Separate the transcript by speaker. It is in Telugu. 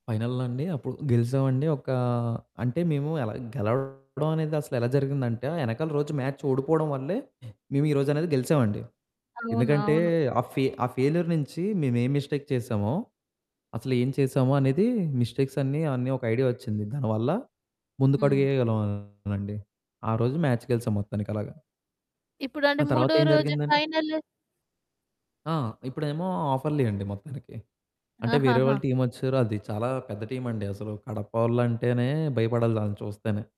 Speaker 1: ఫైనల్లో అండి అప్పుడు గెలిసామండి. ఒక్కా అంటే మేము ఎలా గెలవవడం అనేది అసలెలా జరిగిందంటే ఆ ఎనకాల రోజు మ్యాచ్ ఓడిపోవడం వల్లే మేమీరోజనేది గెలిసామండి.
Speaker 2: అవును.
Speaker 1: ఎందుకంటే
Speaker 2: అవును.
Speaker 1: ఆ ఫె ఆ ఫెయిల్యూర్ నించి మేమేం మిస్టేక్ చేసామో. అసలేం చేసామొ అనేది మిస్టేక్సన్నీ అన్నీ ఒక ఐడియా ఒచ్చింది. దానివల్ల.
Speaker 2: హ్మ్.
Speaker 1: ముందుకడుగేయగలమండి. ఆ రోజు మ్యాచ్ గెలిసాం మొత్తానికలాగా.
Speaker 2: ఇప్పుడంటే
Speaker 1: ఆ
Speaker 2: మూడో
Speaker 1: తర్వాతేం
Speaker 2: రోజు
Speaker 1: జరిగిందండి?
Speaker 2: ఫైనలు.
Speaker 1: ఆ! ఇప్పుడేమో ఆఫర్లీ అండి మొత్తానికి. అంటే వేరే వాళ్ళ
Speaker 2: ఆహాహా!
Speaker 1: టీమ్ ఒచ్చేసారు అది చాలా పెద్ద టీమండి అసలు కడపవొళ్ళంటేనే భయపడాలి ఆళ్ళని చూస్తేనే.